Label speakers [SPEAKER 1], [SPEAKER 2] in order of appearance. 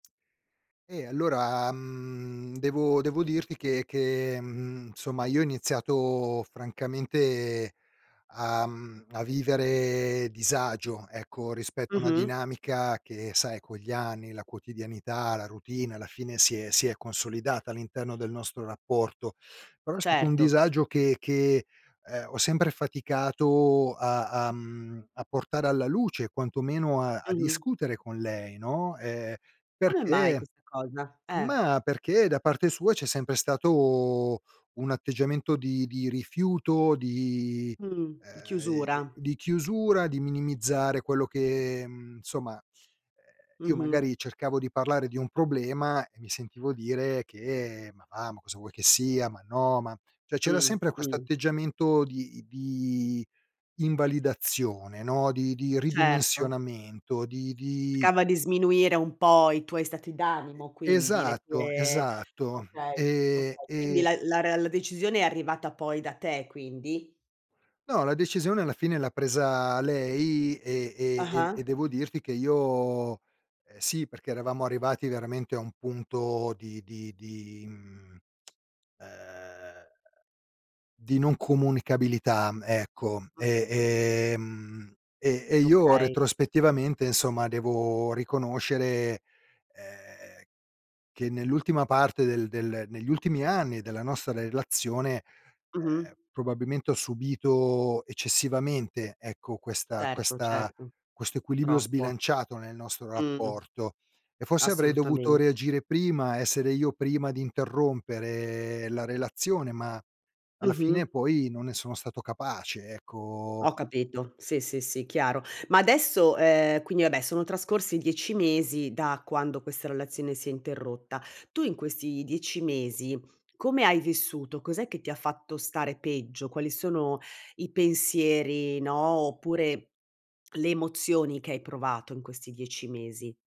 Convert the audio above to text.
[SPEAKER 1] E allora, mhmm, devo devo dirti che che, mhmm, insomma io ho iniziato francamente a mhmm, a vivere disagio, ecco rispetto a una
[SPEAKER 2] Mh-mh.
[SPEAKER 1] dinamica, che sai con gli anni, la quotidianità, la routine, alla fine si è si è consolidata, all'interno del nostro rapporto. Però, è stato un
[SPEAKER 2] Certo.
[SPEAKER 1] disagio che che, ehm, ho sempre faticato a a mhmm, a portare alla luce, quantomeno a a
[SPEAKER 2] Mh-mh.
[SPEAKER 1] discutere con lei, no, ehm,
[SPEAKER 2] Come mai
[SPEAKER 1] perché
[SPEAKER 2] questa cosa? Eh.
[SPEAKER 1] ma perché da parte sua, c'è sempre stato un atteggiamento di di rifiuto, di
[SPEAKER 2] Mh,
[SPEAKER 1] ehm,
[SPEAKER 2] chiusura.
[SPEAKER 1] di chiusura, di minimizzare quello che insomma, ehm, io
[SPEAKER 2] Mh-mh.
[SPEAKER 1] magari cercavo di parlare di un problema, e mi sentivo dire che: "Ma va, ma cosa vuoi che sia ma no, ma" cioè c'era
[SPEAKER 2] Mh,
[SPEAKER 1] sempre questo
[SPEAKER 2] mh.
[SPEAKER 1] atteggiamento di di invalidazione, no, di di
[SPEAKER 2] Certo.
[SPEAKER 1] ridimensionamento, di di
[SPEAKER 2] Cercava di sminuire un po' i tuoi stati
[SPEAKER 1] E
[SPEAKER 2] d'animo quindi, le
[SPEAKER 1] Esatto,
[SPEAKER 2] tue
[SPEAKER 1] esatto.
[SPEAKER 2] okay,
[SPEAKER 1] E
[SPEAKER 2] okay. Quindi
[SPEAKER 1] e
[SPEAKER 2] la la rea la decisione è arrivata poi da te, quindi?
[SPEAKER 1] No, la decisione alla fine l'ha presa lei e e
[SPEAKER 2] Ah-ah
[SPEAKER 1] e devo dirti che io ehm, sì perché eravamo arrivati veramente a un punto di di di mhmm, uhm, di non comunicabilità, ecco,
[SPEAKER 2] Mh-mh.
[SPEAKER 1] e ehm, e e io
[SPEAKER 2] Okay.
[SPEAKER 1] retrospettivamente insomma devo riconoscere, ehm, che nell'ultima parte del del negli ultimi anni della nostra relazione,
[SPEAKER 2] Mh-mh.
[SPEAKER 1] ehm, probabilmente, ho subito eccessivamente, ecco, questa
[SPEAKER 2] Certo,
[SPEAKER 1] questa
[SPEAKER 2] certo,
[SPEAKER 1] questo equilibrio
[SPEAKER 2] troppo.
[SPEAKER 1] sbilanciato nel nostro
[SPEAKER 2] Mh.
[SPEAKER 1] rapporto. E forse avrei dovuto
[SPEAKER 2] Assolutamen
[SPEAKER 1] reagire prima, essere io prima di interrompere la relazione, ma alla
[SPEAKER 2] Mh-mh.
[SPEAKER 1] fine poi non ne sono stato capace, ecco
[SPEAKER 2] Ho capito, sì, sì, sì, chiaro. Ma adesso, ehm, quindi vabbè sono trascorsi 10 mesi da quando questa relazione si è interrotta, tu in questi 10 mesi come hai vissuto? Cos'è che ti ha fatto stare peggio? Quali sono i pensieri, no, oppure le emozioni che hai provato in questi 10 mesi.